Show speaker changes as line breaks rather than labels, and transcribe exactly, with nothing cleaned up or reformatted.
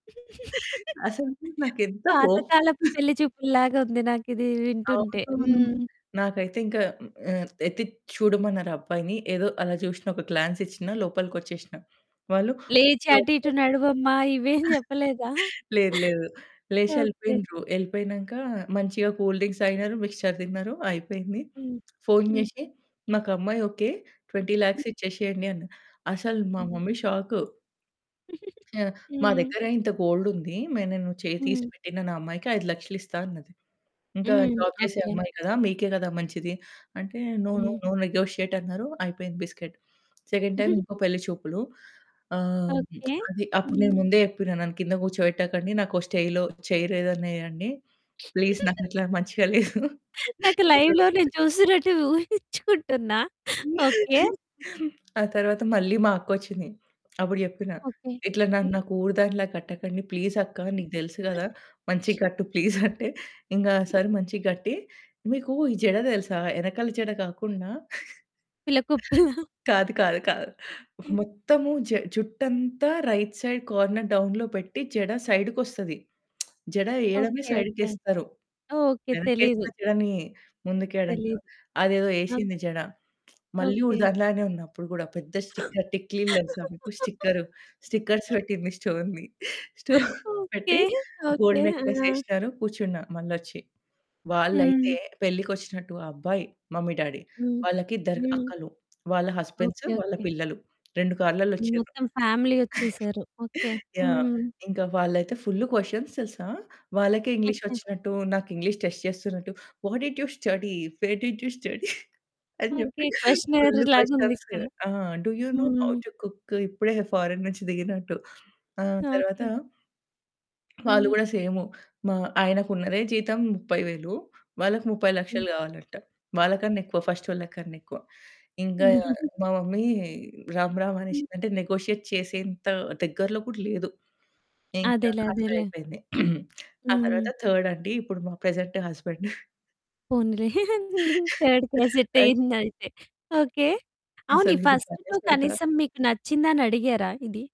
అసలు నాకెంత కోపం
పాతకాలపు పెళ్లి చూపులులాగా ఉంది నాకిది వింటుంటే.
అవును.
హ్మ్.
నాకైతే ఇంకా ఆహ్, ఎత్తి చూడమన్నారు ఆ అబ్బాయిని. ఏదో అలా చూశ్న, ఒక గ్లాన్స్ ఇచ్చిన. లోపలికొచ్చేశ్న. వాళ్ళు
"లేచి అటు ఇటు
[unintelligible]
నడవమ్మ" ఇవేం చెప్పలేదా?
లేదు, లేదు.
ఓకే.
లేషెళ్ళిపోయిండ్రు. ఎళ్ళిపోయినంక మంచిగా కూల్ డ్రింక్స్ తాగినారు, మిక్స్చర్ తిన్నారు. అయిపోయింది.
హ్మ్,
ఫోన్
హ్మ్.
చేసి, "మాకు అమ్మాయి ఓకే, ట్వెంటీ లాక్స్ ఇచ్చేసేయండి" అన్నారు. అసలు మా
హ్మ్.
Mummy shock. ఆ! మా
హ్మ్.
దగ్గర ఇంత గోల్డ్ ఉంది. మే "నేను చేయి
హ్మ్.
తీసిపెట్టినా అమ్మాయికి ఐదు లక్షలు ఇస్తా అన్నది. ఇంకా
హ్మ్,
జాబ్ చేసే
ఓకే.
అమ్మాయి కదా, మీకే కదా మంచిది" అంటే "no, no,
hmm.
No negotiate" అన్నారు. అయిపోయింది బిస్కిట్, సెకండ్ టైమ్ ఇంకో పెళ్లి చూపులు. ఆహ్,
ఓకే.
అది అప్పుడు నేను
హ్మ్.
ముందే చెప్పినా, "నన్ను కింద కూర్చోపెట్టకండి. నాకో స్టేలో చైర్ ఏదన్నా ఏయండి. ప్లీజ్. నాకిట్లా మంచిగా లేదు".
నాకు లైవ్‌లో
[unintelligible]
నేను చూసినట్టు ఊహించుకుంటున్నా. ఓకే.
ఆ తరువాత మళ్ళీ మా అక్క వచ్చింది. అప్పుడు చెప్పినా,
ఓకే.
"ఇట్లా నన్నొక ఊరి దానిలా కట్టకండి. ప్లీజ్ అక్క, నీకు తెలుసు కదా, మంచిగా కట్టు ప్లీజ్" అంటే ఇంకా సారీ మంచిగా కట్టి, మీకు ఈ జడ తెలుసా? ఎనకాల జడ కాకుండా,
పిల్లకుపుల?
కాదు, కాదు, కాదు. మొత్తము జ జుట్టు అంతా రైట్ సైడ్ కార్నర్ డౌన్‌లో పెట్టి జడ సైడ్‌కొస్తది. జడ ఎయడమే
ఓకే,
సైడ్‌కి
ఓకే,
ఎస్తారు.
ఓకే. తెలీదు.
వెనక్కేసిన జడని ముందుకేయడం
తెలీదు.
అదేదో
ఓకే.
ఏసింది జడ. మళ్ళీ ఊరు
ఓకే.
దానిలానే ఉన్నప్పుడు కూడా పెద్ద స్టిక్కర్ టిక్లీలు తెలుసా మీకు? స్టిక్కర్ స్టిక్కర్స్ పెట్టింది. స్టోన్‌ది. స్టోన్‌ది
ఓకే,
పెట్టి
ఓకే,
గోల్డ్ నెక్లెస్
ఆ!
ఏశ్నరు. కూర్చున్నా మళ్లొచ్చి.
హ్మ్.
వాళ్ళైతే పెళ్ళికొచ్చినట్టు ఆ అబ్బాయి మమ్మీ, డ్యాడీ
హ్మ్
వాళ్ళకి ఇద్దరు
హ్మ్.
అక్కలు, వాళ్ళ హస్బెండ్స్,
ఓకే,
వాళ్ళ
ఓకే.
పిల్లలు రెండు కార్లలో వచ్చిండ్రు.
మొత్తం ఫ్యామిలీ వచ్చేసారు. ఓకే.
యాహ్!
హ్మ్.
ఇంకా వాళ్ళైతే ఫుల్ క్వెషన్స్ తెలుసా? వాళ్ళకే ఇంగ్లీష్
ఓకే.
వచ్చినట్టు, నాకు ఇంగ్లీష్ టెస్ట్ చేస్తున్నట్టు. What did you study? Where did you study? అని
ఓకే.
చెప్పి
క్వెషనర్
ఫుల్
లాగా
క్వెషన్స్
ఉందిక్కడ.
ఆ! Do you know how
hmm.
To cook? ఇప్పుడే ఫారిన్ నుంచి దిగినట్టు. ఆ తరువాత
ఓకే.
వాళ్ళు
హ్మ్.
కూడా సేమ్ మా ఆయనకున్నదే జీతం ముప్పై వేలు వాళ్ళకి ముప్పై
హ్మ్.
లక్షలు కావాలి అంట. వాళ్ళకన్నా ఎక్కువ, ఫస్టోళ్ళకన్నా ఎక్కువ. ఇంకా మా మమ్మీ రామ్ రామ్
హ్మ్.
అనేసింది. అంటే నెగోషియేట్ చేసేంత దగ్గరలో కూడా లేదు. ఇంకా
అదేలే, అదేలే.
అట్లయిపోయింది. ఆ తరువాత
హ్మ్.
థర్డ్ అండి. ఇప్పుడు మా ప్రెజెంట్ హస్బాండ్.
పోనీలే. థర్డ్‌కె సెట్
అయ్
అయింది. అయితే ఓకే. అవును, ఈ
అసలు ఇది
ఫస్ట్
బానే
టూ
పెడతా.
కనీసం మీకు నచ్చిందని అడిగారా ఇది?